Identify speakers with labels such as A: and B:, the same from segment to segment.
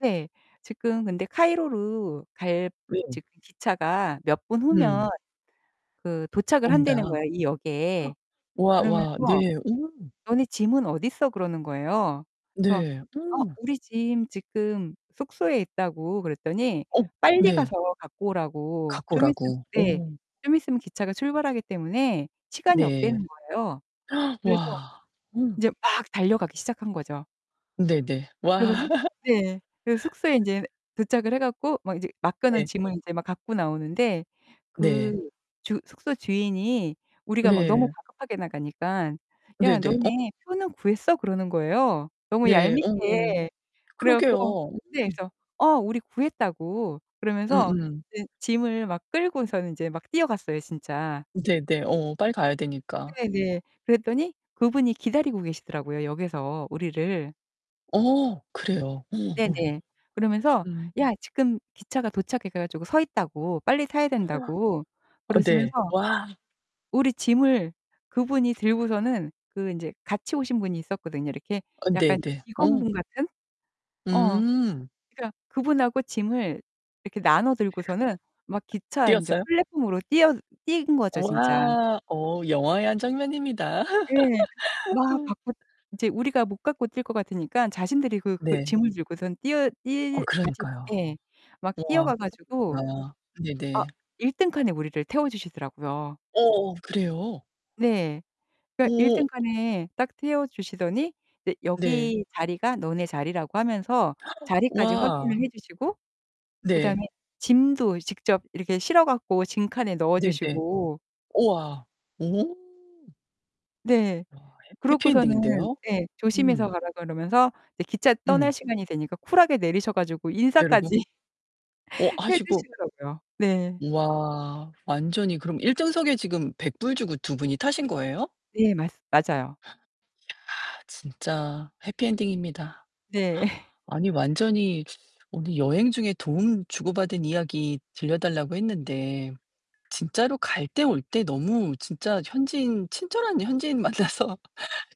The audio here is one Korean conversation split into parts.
A: 네. 지금 근데 카이로로 갈
B: 네.
A: 지금 기차가 몇 분
B: 음.
A: 후면 그 도착을 한다는
B: 온다.
A: 거예요, 이 역에.
B: 와 와.
A: 그러면서
B: 네. 음.
A: "너네 짐은 어딨어?" 그러는 거예요. 그래서
B: 네.
A: "어
B: 음.
A: 우리 짐 지금 숙소에 있다"고 그랬더니
B: 어.
A: 빨리
B: 네.
A: 가서 갖고 오라고.
B: 갖고
A: 좀 있으면
B: 오라고.
A: 네.
B: 어머.
A: 좀 있으면 기차가 출발하기 때문에 시간이
B: 네.
A: 없다는 거예요. 그래서
B: 와. 어.
A: 인제 막 달려가기 시작한 거죠.
B: 네네. 와.
A: 그래서는 네. 그래서 숙소에 인제 도착을 해 갖고 막 이제 맡겨놓
B: 네.
A: 짐을 이제 막 갖고 나오는데
B: 네.
A: 그 주 숙소 주인이 우리가 막 너무
B: 네.
A: 다급하게 나가니깐 "야
B: 네네. 어
A: 너네 표는 구했어?" 그러는 거예요, 너무
B: 네 어머.
A: 얄밉게. 그래 갖고
B: 그러게요.
A: 네
B: 음.
A: 그래서 어 우리 구했다고 그러면서
B: 음음.
A: 이제 짐을 막 끌고서는 이제 막 뛰어갔어요, 진짜.
B: 네네. 어 빨리 가야 되니까.
A: 네 네. 그랬더니 그분이 기다리고 계시더라고요, 역에서 우리를.
B: 어 그래요. 어 어.
A: 네네. 그러면서
B: 음.
A: 야 지금 기차가 도착해 가지고 서있다고 빨리 타야 된다고
B: 어 네.
A: 그러시면서
B: 와.
A: 우리 짐을 그분이 들고서는 그 인제 같이 오신 분이 있었거든요. 이렇게
B: 어
A: 약간
B: 네네. 어.
A: 직원분 같은? 어.
B: 음.
A: 그러니까 그분하고 짐을 이렇게 나눠 들고서는 막 기차 인제
B: 뛰었어요?
A: 플랫폼으로 뛰어 뛴 거죠, 진짜.
B: 우와. 어 영화의 한 장면입니다.
A: 네. 막 갖고 인제 우리가 못 갖고 뛸 것 같으니까 자신들이 그 그
B: 네.
A: 짐을 들고선 뛰어
B: 어
A: 뛰 같이
B: 그러니까요.
A: 예. 막
B: 우와
A: 뛰어가 가지고
B: [unintelligible]
A: 아
B: 네네.
A: 1 등 칸에 우리를 태워 주시더라고요.
B: 어 그래요?
A: 네. 그러니까 1
B: 오.
A: 등칸에 딱 태워 주시더니 이제
B: 네.
A: 여기 자리가 너네 자리라고 하면서 자리까지
B: 와.
A: 확인을 해 주시고 그
B: 네.
A: 다음에 짐도 직접 이렇게 실어 갖고 짐칸에 넣어
B: 네네.
A: 주시고
B: 우와. 오.
A: 네.
B: 와 해
A: 그러고서는
B: 해피엔딩인데요.
A: 예.
B: 음.
A: 조심해서 가라 그러면서 이제 기차 떠날
B: 음.
A: 시간이 되니까 쿨하게 내리셔 가지고
B: 음. 내리고.
A: 인사까지
B: 어
A: 해
B: 하시고.
A: 주시더라고요. 네.
B: 와. 완전히 그럼 1 등석에 지금 $100 주고 2 분이 타신 거예요?
A: 네 맞스 맞아요.
B: 야 진짜 해피 엔딩입니다.
A: 네.
B: 아니 완전히 우리 여행 중에 도움 주고 받은 이야기 들려 달라고 했는데 진짜로 갈 때 올 때 너무 진짜 현지인 친절한 현지인 만나서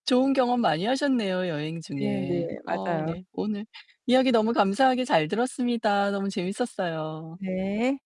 B: 좋은 경험 많이 하셨네요, 여행
A: 네 네.
B: 중에. 어
A: 맞아요.
B: 네. 오늘 이야기 너무 감사하게 잘 들었습니다. 너무 재밌었어요.
A: 네.